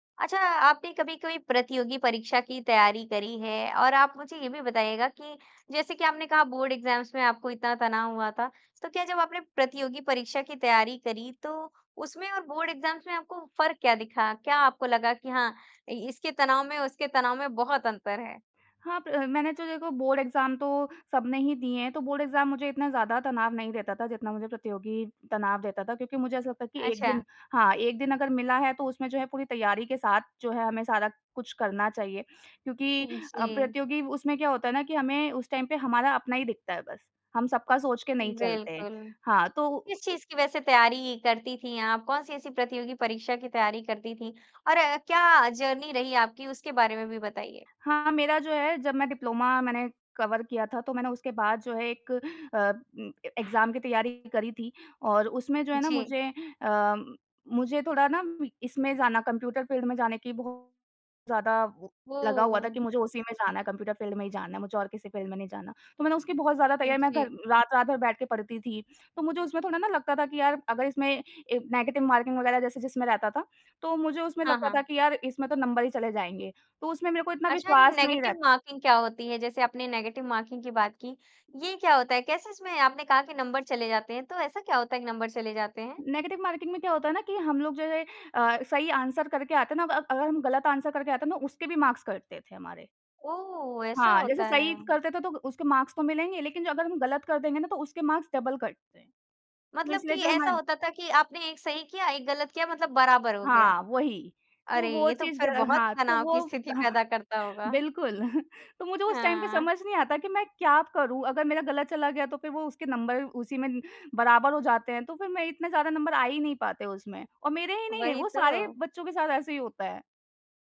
अच्छा, आपने कभी-कभी प्रतियोगी परीक्षा की तैयारी करी है? और आप मुझे ये भी बताइएगा कि जैसे कि आपने कहा बोर्ड एग्ज़ाम्स में आपको इतना तनाव हुआ था, तो क्या जब आपने प्रतियोगी परीक्षा की तैयारी करी तो उसमें और बोर्ड एग्ज़ाम्स में आपको फ़र्क क्या दिखा? क्या आपको लगा कि हाँ, इसके तनाव में उसके तनाव में बहुत अंतर है? हाँ, प मैंने तो देखो बोर्ड एग्ज़ाम तो सबने ही दिए हैं तो बोर्ड एग्ज़ाम मुझे इतना ज़्यादा तनाव नहीं देता था जितना मुझे प्रतियोगी तनाव देता था। क्योंकि मुझे ऐसा लगता है कि 1 दिन अच्छा। हाँ, 1 दिन अगर मिला है तो उसमें जो है पूरी तैयारी के साथ जो है हमें सारा कुछ करना चाहिए। क्योंकि उ, अ, जी। प्रतियोगी उसमें क्या होता है ना कि हमें उस टाइम पे हमारा अपना ही दिखता है बस, हम सबका सोच के नहीं चलते। बिल्कुल। हाँ, किस तो चीज़ की वैसे तैयारी करती थीं आप? कौन-सी ऐसी प्रतियोगी परीक्षा की तैयारी करती थीं? और क्या जर्नी रही आपकी उसके बारे में भी बताइए? हाँ, मेरा जो है जब मैं डिप्लोमा मैंने कवर किया था तो मैंने उसके बाद जो है एक अम, एग्ज़ाम की तैयारी करी थी और उसमें जो है ना जी। मुझे अ, मुझे थोड़ा ना इसमें जाना कंप्यूटर फ़ील्ड में जाने की बहुत ज़्यादा लगा हुआ था कि वो मुझे उसी में जाना है, कंप्यूटर फ़ील्ड में ही जाना है। मुझे और किसी फ़ील्ड में नहीं जाना। तो मैंने उसकी बहुत ज़्यादा तैयारी मैं घर जी। रात रात भर बैठ के पढ़ती थी। तो मुझे उसमें थोड़ा ना लगता था कि यार अगर इसमें ए नेगेटिव मार्किंग वगैरह जैसे जिसमें रहता था, तो मुझे उसमें हाँ, लगता था हाँ। कि यार इसमें तो नंबर ही चले जाएँगे। तो उसमें मेरे को इतना अच्छा ये विश्वास नहीं नेगेटिव रहता। मार्किंग क्या होती है? जैसे आपने नेगेटिव मार्किंग की बात की। ये क्या होता है? कैसे इसमें आपने कहा कि नंबर चले जाते हैं तो ऐसा क्या होता है कि नंबर चले जाते हैं? नेगेटिव मार्किंग में क्या होता है ना कि हम लोग जो अ, सही आंसर करके आते हैं ना अ, अगर हम गलत आंसर करके आते हैं तो उसके भी मार्क्स कटते थे हमारे। ओह! ऐसा हाँ, जैसे होता सही है। करते थे तो उसके मार्क्स तो मिलेंगे लेकिन अगर हम गलत कर देंगे ना तो उसके मार्क्स डबल कटते। तो मतलब कि इसलिए जो है ऐसा हमन होता था कि आपने 1 सही किया, 1 गलत किया मतलब बराबर हो गया। हाँ, वही। तो अरे! वो ये तो चीज़ ग फिर बहुत हाँ। तो तनाव वो की स्थिति हाँ, पैदा करता होगा। बिल्कुल तो मुझे उस टाइम पे हाँ। समझ नहीं आता कि मैं क्या करूँ? अगर मेरा गलत चला गया तो फिर वो उसके नंबर उसी में बराबर हो जाते हैं, तो फिर मैं इतना ज़्यादा नंबर आ ही नहीं पाते उसमें। और मेरे ही नहीं है वही वो सारे तो। बच्चों के साथ ऐसे ही होता है।